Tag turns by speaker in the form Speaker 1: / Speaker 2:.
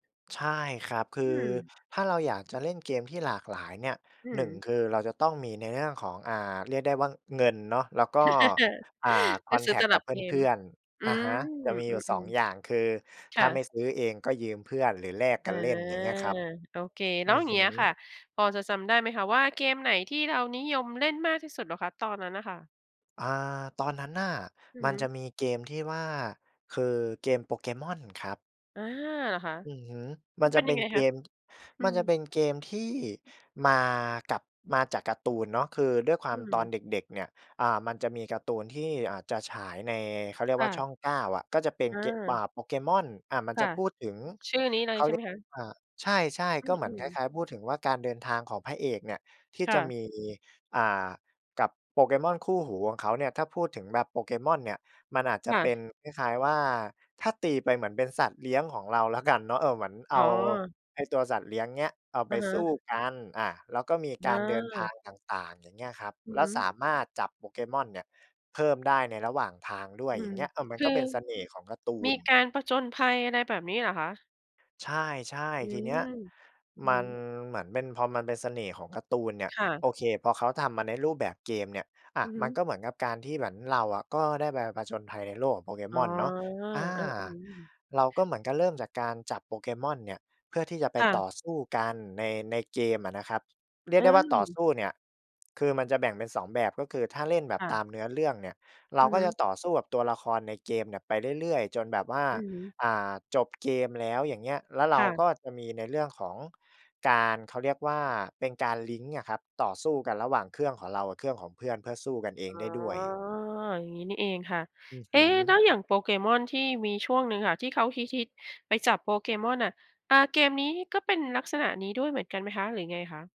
Speaker 1: ใช่ครับ คือ
Speaker 2: อืม
Speaker 1: ถ้าเราอยากจะเล่นเกมที่หลากหลายเนี่ย
Speaker 2: อื
Speaker 1: 1
Speaker 2: ม
Speaker 1: คือเราจะต้องมีในเรื่องของ อ่า เรียกได้ว่าเงินเนาะ แล้วก็ อ่า ค
Speaker 2: ก
Speaker 1: อ
Speaker 2: ็
Speaker 1: น
Speaker 2: ซ
Speaker 1: แ
Speaker 2: ื
Speaker 1: ท
Speaker 2: ้อต
Speaker 1: กต์ก
Speaker 2: ล
Speaker 1: ั
Speaker 2: ั
Speaker 1: บ
Speaker 2: บเก
Speaker 1: เพ
Speaker 2: ม
Speaker 1: ื่อน
Speaker 2: อ
Speaker 1: ๆ
Speaker 2: ื
Speaker 1: อะฮะ จ
Speaker 2: ม
Speaker 1: ะมี
Speaker 2: อ
Speaker 1: อ
Speaker 2: ื
Speaker 1: ยู่ 2
Speaker 2: อ
Speaker 1: อย่าง คือ
Speaker 2: ๆ ค
Speaker 1: ถ้
Speaker 2: ่
Speaker 1: าไม่
Speaker 2: ะ
Speaker 1: ซื้อเอง ก็ยืมเพื่อนหรือแลกก
Speaker 2: อ
Speaker 1: ั
Speaker 2: า
Speaker 1: นเล่น อย่างเงี้ยครับ
Speaker 2: โอเค แ
Speaker 1: อ
Speaker 2: ล
Speaker 1: ื
Speaker 2: ้วอ
Speaker 1: อ
Speaker 2: ย่าง
Speaker 1: ฮ
Speaker 2: เงี
Speaker 1: ึ
Speaker 2: ้ยค่ะ พอจะจำได้ไหมคะว่า เกมไหนที่เรานิยมเล่นมากที่สุดเหรอคะ ตอนนั้นน่ะค่ะ?
Speaker 1: อา ตอนนั้นน่ะ
Speaker 2: อือ
Speaker 1: มั
Speaker 2: ฮ
Speaker 1: น
Speaker 2: ึ
Speaker 1: จะมีเกมที่ว่า คือเกม Pokémon ครับ
Speaker 2: อา เหรอคะ
Speaker 1: อือฮึ ม
Speaker 2: ม
Speaker 1: ั
Speaker 2: ั
Speaker 1: น
Speaker 2: นเ
Speaker 1: จ
Speaker 2: ป็
Speaker 1: ะ
Speaker 2: น
Speaker 1: เ
Speaker 2: ยั
Speaker 1: ป็
Speaker 2: งไ
Speaker 1: น
Speaker 2: ง
Speaker 1: เ
Speaker 2: ค
Speaker 1: ก
Speaker 2: ะ?
Speaker 1: ม
Speaker 2: อื
Speaker 1: มัน
Speaker 2: ม
Speaker 1: จะเป็นเกมที่มากับ มาจากการ์ตูนเนาะ คือด้วยควา
Speaker 2: อื
Speaker 1: มตอน
Speaker 2: ม
Speaker 1: เด็ก ๆ เนี่ย อ่า มันจะมีการ์ตูนที่ อ่า จะฉายใน เขาเรียก
Speaker 2: ค่
Speaker 1: ว่าช
Speaker 2: ะ
Speaker 1: ่อง 9 อะ ก็จะเป็น
Speaker 2: อ
Speaker 1: เก อ่
Speaker 2: า
Speaker 1: า Pokémon อ่า มัน
Speaker 2: ค
Speaker 1: จ
Speaker 2: ่
Speaker 1: ะ
Speaker 2: ะ
Speaker 1: พูดถึง
Speaker 2: ชื่อนี้เลยใช่ไหมคะ?
Speaker 1: เขาเรียก อ่า ใช่
Speaker 2: อ
Speaker 1: ๆ ก็
Speaker 2: ื
Speaker 1: เหมือนคล
Speaker 2: ม ๆ
Speaker 1: ้าย ๆ พูดถึงว่าการเดินทางของพระเอกเนี่ย ที่
Speaker 2: ค่
Speaker 1: จะ
Speaker 2: ะ
Speaker 1: มี อ่า กับ Pokémon คู่หูของเขาเนี่ย ถ้าพูดถึงแบบ Pokémon เนี่ย มันอาจจ
Speaker 2: ค
Speaker 1: ะ
Speaker 2: ่
Speaker 1: เป็น
Speaker 2: ะ
Speaker 1: คล้าย ๆ ว่า ถ้าตีไปเหมือนเป็นสัตว์เลี้ยงของเราแล้วกันเนาะ เอ่อ เหมือนเอ
Speaker 2: อ๋
Speaker 1: า
Speaker 2: อ
Speaker 1: ไอ้ตัวสัตว์เลี้ยงเนี้ย เอาไ
Speaker 2: อ
Speaker 1: ป
Speaker 2: ะฮ
Speaker 1: สู้
Speaker 2: ะ
Speaker 1: กัน อ่า แล้วก็มีก
Speaker 2: อ
Speaker 1: ารเดินทา
Speaker 2: า
Speaker 1: งต่าง ๆ อย่างเงี้ยครับ
Speaker 2: อื
Speaker 1: แ
Speaker 2: อ
Speaker 1: ล้
Speaker 2: ฮ
Speaker 1: ว
Speaker 2: ึ
Speaker 1: สามารถจับ Pokémon เนี่ย เพิ่มได้ในระหว่างทางด้ว
Speaker 2: อ
Speaker 1: ย
Speaker 2: ื
Speaker 1: อย่
Speaker 2: ม
Speaker 1: างเงี้ย อะ มัน
Speaker 2: ค
Speaker 1: ก
Speaker 2: ือ
Speaker 1: ็เป็นเสน่ห์ของการ์ตู
Speaker 2: มี
Speaker 1: น
Speaker 2: การผจญภัยอะไรแบบนี้เหรอคะ?
Speaker 1: ใช่
Speaker 2: อื
Speaker 1: ๆ ทีเนี้ย
Speaker 2: ม อือ
Speaker 1: ม
Speaker 2: ฮ
Speaker 1: ัน
Speaker 2: ึ
Speaker 1: เหมือนเป็น พอมันเป็นเสน่ห์ของการ์ตูนเนี่ย
Speaker 2: ค่ะ
Speaker 1: โอเค พอเขาทำมาในรูปแบบเกมเนี่ย อะ
Speaker 2: อือฮ
Speaker 1: มัน
Speaker 2: ึ
Speaker 1: ก็เหมือนกับการที่เหมือนเราอะ ก็ได้ไปผจญภัยในโลกของ
Speaker 2: อ๋อ
Speaker 1: Pokémon เนาะ อา
Speaker 2: อา อืม
Speaker 1: เราก็เหมือนกับเริ่มจากการจับ Pokémon เนี่ย เพื่อที่จะไป
Speaker 2: ค่
Speaker 1: ต
Speaker 2: ะ
Speaker 1: ่อสู้กันใน ในเกมอะนะครับ เรีย
Speaker 2: อ
Speaker 1: ก
Speaker 2: ื
Speaker 1: ได้ว่าต่อส
Speaker 2: ม
Speaker 1: ู้เนี่ย คือมันจะแบ่งเป็น 2 แบบ ก็คือถ้าเล่นแบบ
Speaker 2: ค่
Speaker 1: ตา
Speaker 2: ะ
Speaker 1: มเนื้อเรื่องเนี่ย เรา
Speaker 2: อือ
Speaker 1: ก็
Speaker 2: ฮ
Speaker 1: จะ
Speaker 2: ึ
Speaker 1: ต่อสู้กับตัวละครในเกมเนี่ยไปเรื่อย ๆ จนแบบว่า
Speaker 2: อือฮึ
Speaker 1: อ่า จบเกมแล้ว อย่างเงี้ย แล้วเร
Speaker 2: ค
Speaker 1: า
Speaker 2: ่ะ
Speaker 1: ก็จะมีในเรื่องของการ เขาเรียกว่าเป็นการลิงก์อะครับ ต่อสู้กันระหว่างเครื่องของเรากับเครื่องของเพื่อน เพื่อสู้กันเอง
Speaker 2: อ่อ
Speaker 1: ได้ด้วย
Speaker 2: อย่างงี้นี่เองค่ะ
Speaker 1: อือ
Speaker 2: เ
Speaker 1: ฮ
Speaker 2: อ๊
Speaker 1: ึ
Speaker 2: แล้วอย่าง Pokémon ที่มีช่วงหนึ่งค่ะ ที่เขาฮิต ๆ ไปจับ Pokémon น่ะ อ่า เกมนี้ก็เป็นลักษณะนี้ด้วยเหมือนกันไหมคะ หรือไงคะ?